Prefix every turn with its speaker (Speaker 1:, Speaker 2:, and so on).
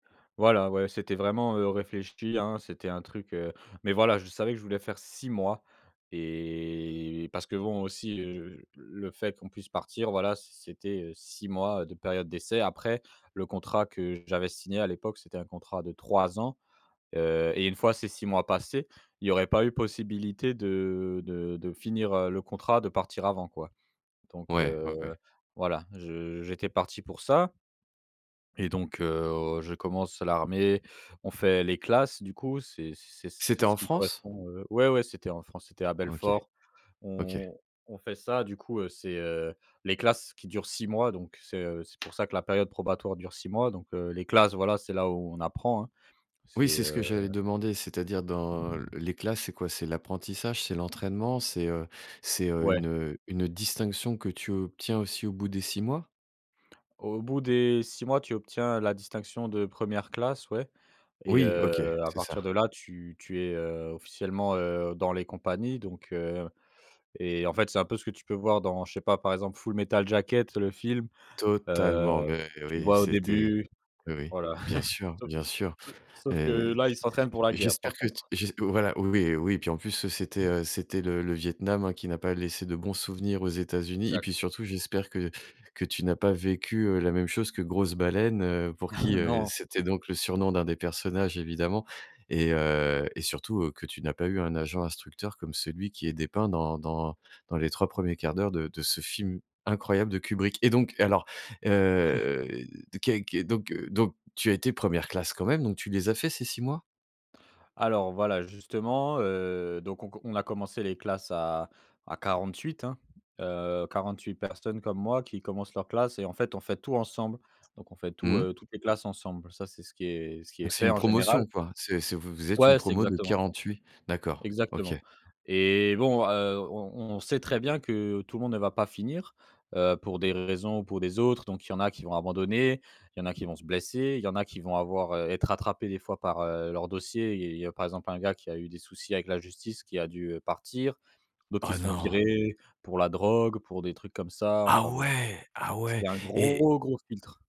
Speaker 1: Voilà, ouais c'était vraiment, heu, réfléchi, hein, c'était un truc heu, mais voilà, je savais que je voulais faire 6 mois et parce que bon aussi, heu, j le fait qu'on puisse partir, voilà, c c'était, heu, 6 mois de période d'essai, après le contrat que j'avais signé à l'époque, c'était un contrat de 3 ans. Heu, et 1 fois ces 6 mois passés, il y aurait pas eu possibilité de de de finir, heu, le contrat, de partir avant quoi donc
Speaker 2: Ouais,
Speaker 1: heu,
Speaker 2: ouais, ouais.
Speaker 1: voilà. Je j'étais parti pour ça et donc heu, je commence l'armée, on fait les classes du coup, c'est c
Speaker 2: C'était
Speaker 1: ce
Speaker 2: en
Speaker 1: qui
Speaker 2: France?
Speaker 1: correspond heu ouais, ouais, c'était en France, c'était à
Speaker 2: OK.
Speaker 1: Belfort.
Speaker 2: OK.
Speaker 1: On on fait ça du coup, heu, c'est, heu, les classes qui durent 6 mois, donc c'est, heu, c'est pour ça que la période probatoire dure 6 mois donc heu, les classes voilà, c'est là où on apprend, hein.
Speaker 2: Oui
Speaker 1: C'est,
Speaker 2: c'est ce
Speaker 1: heu
Speaker 2: que j'allais demander, c'est-à-dire dans les classes c'est quoi? C'est l'apprentissage? C'est l'entraînement? C'est, heu, c'est, heu,
Speaker 1: Ouais.
Speaker 2: une une distinction que tu obtiens aussi au bout des 6 mois?
Speaker 1: Au bout des 6 mois, tu obtiens la distinction de 1re classe, ouais, et
Speaker 2: Oui. OK.
Speaker 1: heu, à
Speaker 2: C'est
Speaker 1: partir
Speaker 2: ça.
Speaker 1: de là, tu tu es, heu, officiellement, heu, dans les compagnies, donc heu Et en fait c'est un peu ce que tu peux voir dans je sais pas, par exemple Full Metal Jacket, le film, heu,
Speaker 2: Totalement! Mais
Speaker 1: tu
Speaker 2: oui,
Speaker 1: vois au
Speaker 2: c'était
Speaker 1: début?
Speaker 2: Oui, oui.
Speaker 1: Voilà.
Speaker 2: Bien sûr,
Speaker 1: Sau
Speaker 2: bien sûr.
Speaker 1: sau
Speaker 2: Et
Speaker 1: sauf que
Speaker 2: t
Speaker 1: là, ils s'entraînent pour la guerre
Speaker 2: j'espère
Speaker 1: par
Speaker 2: que t
Speaker 1: contre.
Speaker 2: j'es voilà oui, oui. Puis en plus, c'était, heu, c'était le le Vietnam, hein, qui n'a pas laissé de bons souvenirs aux États-Unis, et puis
Speaker 1: Exact.
Speaker 2: surtout, j'espère que que tu n'as pas vécu la même chose que Grosse baleine, heu, pour qui heu
Speaker 1: Non.
Speaker 2: c'était donc le surnom de 1 des personnages, évidemment et heu, surtout que tu n'as pas eu un agent instructeur comme celui qui est dépeint dans dans dans les 3 premiers 1/4 d'heure de de ce film incroyable de Kubrick! Et donc alors, heu, de qu'est donc donc tu as été 1re classe quand même, donc tu les as fait ces 6 mois?
Speaker 1: Alors voilà justement, heu, donc on q on a commencé les classes à à 48, hein. Heu, 48 personnes comme moi qui commencent leur classe et en fait on fait tout ensemble, donc on fait tout
Speaker 2: Mmh mh.
Speaker 1: heu, toutes les classes ensemble, ça c'est ce qui est ce qui
Speaker 2: Donc
Speaker 1: est
Speaker 2: c'est
Speaker 1: fait
Speaker 2: une
Speaker 1: en général.
Speaker 2: promotion quoi. C'est c'est vous vous êtes une
Speaker 1: Ouais, c'est
Speaker 2: promo de
Speaker 1: exactement ça!
Speaker 2: 48 D'accord.
Speaker 1: Exactement!
Speaker 2: OK.
Speaker 1: Et bon, heu, on on on sait très bien que tout le monde ne va pas finir, heu, pour des raisons ou pour des autres, donc il y en a qui vont abandonner, il en a qui vont se blesser, il y en a qui vont avoir heu, être rattrapés des fois par, heu, leurs dossiers. Il y il y a par exemple un gars qui a eu des soucis avec la justice qui a dû, heu, partir, d'autres qui
Speaker 2: Oh
Speaker 1: se font
Speaker 2: non!
Speaker 1: virer pour la drogue, pour des trucs comme ça
Speaker 2: Ah
Speaker 1: enfin bon.
Speaker 2: ouais, ah ouais?
Speaker 1: C'est un
Speaker 2: Et
Speaker 1: gros, gros filtre.